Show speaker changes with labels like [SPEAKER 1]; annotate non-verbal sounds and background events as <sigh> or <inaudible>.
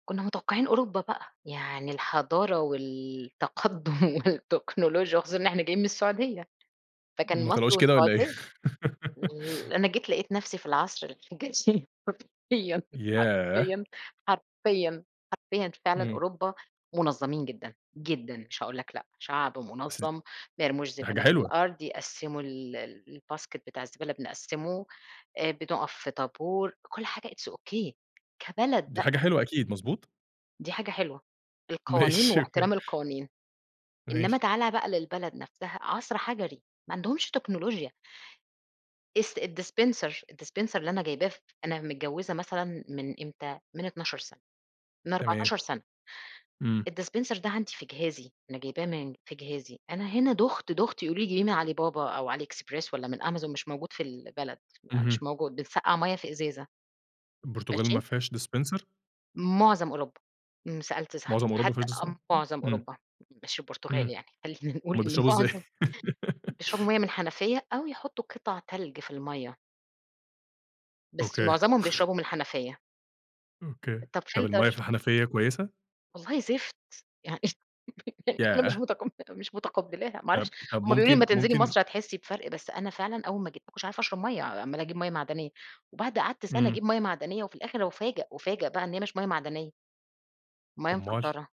[SPEAKER 1] كنّا متوقعين أوروبا بقى، يعني الحضارة والتقدُّم والتكنولوجيا وخصوصًا إن إحنا جايين من السعودية، فكان
[SPEAKER 2] ما
[SPEAKER 1] مصر
[SPEAKER 2] طلعوش كده والَّا إيه؟
[SPEAKER 1] والسعودية
[SPEAKER 2] <laughs>
[SPEAKER 1] أنا جيت لقيت نفسي في العصر الحجري حرفيًا،
[SPEAKER 2] ياه!
[SPEAKER 1] حرفيًا، حرفيًا، حرفيًا فعلًا
[SPEAKER 2] إمم.
[SPEAKER 1] أوروبا مُنظّمين جدًا، جدًا، مش هاقول لك لأ شعب
[SPEAKER 2] بس، دي
[SPEAKER 1] مُنظَّم، ما يرموش
[SPEAKER 2] حاجة
[SPEAKER 1] زبالة في
[SPEAKER 2] حلوة.
[SPEAKER 1] الأرض، يقسِّموا ال الBasket بتاع الزبالة بنقسّمه آآ، بنقف في طابور كل حاجة it's okay كبلد
[SPEAKER 2] دي حاجة
[SPEAKER 1] بقى.
[SPEAKER 2] حلوة أكيد، مضبوط؟
[SPEAKER 1] دي حاجة حلوة، القوانين
[SPEAKER 2] ماشي، أوكي.
[SPEAKER 1] وإحترام القوانين، إنما
[SPEAKER 2] ماشي.
[SPEAKER 1] تعالَ بقى للبلد نفسها عصر حجري، ما عندهُمش تكنولوجيا. dis الdispenser الdispenser اللي أنا جايباه ف أنا متجوّزة مثلًا من إمتى، من 12 سنة، من
[SPEAKER 2] تمام.
[SPEAKER 1] 14 سنة
[SPEAKER 2] إمم.
[SPEAKER 1] الdispenser ده عندي في جهازي أنا جايباه من في جهازي، أنا هنا دُخت دُخت يقولوا لي جيبيه من علي بابا أو Ali Express والَّا من Amazon مش موجود في البلد،
[SPEAKER 2] اهم.
[SPEAKER 1] مش موجود بنسقَّع مَيّة في إزازة.
[SPEAKER 2] البرتغال ما
[SPEAKER 1] ماشي؟
[SPEAKER 2] فيهاش ?dispenser
[SPEAKER 1] مُعظم أوروبا، سألت
[SPEAKER 2] مُعظَم
[SPEAKER 1] صاحبتي
[SPEAKER 2] أوروبا ما
[SPEAKER 1] حتى
[SPEAKER 2] فيهاش dis
[SPEAKER 1] مُعظم
[SPEAKER 2] إمم.
[SPEAKER 1] أوروبا، مش البرتغال
[SPEAKER 2] إمم،
[SPEAKER 1] يعني، خلّينا نقول
[SPEAKER 2] هُم
[SPEAKER 1] إن
[SPEAKER 2] بيشربوا إزاي؟
[SPEAKER 1] مُعظم بيشربوا مَيّة
[SPEAKER 2] <laughs>
[SPEAKER 1] من الحنفية أو يحطّوا قِطَع تلج في المَيّة. بس
[SPEAKER 2] أوكي.
[SPEAKER 1] مُعظمهم بيشربوا من الحنفية.
[SPEAKER 2] أوكي،
[SPEAKER 1] طَب
[SPEAKER 2] طَب المَيّة في
[SPEAKER 1] فلتر.
[SPEAKER 2] الحنفية كويسة؟
[SPEAKER 1] والله زِفت، <laughs> يعني أنا مش
[SPEAKER 2] ياه!
[SPEAKER 1] متقبّلة، مش متقبلاها ما
[SPEAKER 2] طَب
[SPEAKER 1] أعرفش
[SPEAKER 2] طَب
[SPEAKER 1] هم بيقولوا لي أمّا
[SPEAKER 2] ممكن
[SPEAKER 1] تنزلي
[SPEAKER 2] ممكن
[SPEAKER 1] مصر هتحسّي بفرق، بس أنا فعلًا أول ما جيت ماكنتش عارفة أشرب مَيّة، عمالة أجيب مَيّة معدنية، وبعد قعدت سنة
[SPEAKER 2] إمم.
[SPEAKER 1] أجيب مَيّة معدنية، وفي الآخر أُفَاجَئ، أُفَاجَئ بقى إن هي مش مَيّة معدنية. مَيّة
[SPEAKER 2] أُمّال؟
[SPEAKER 1] مفلترة.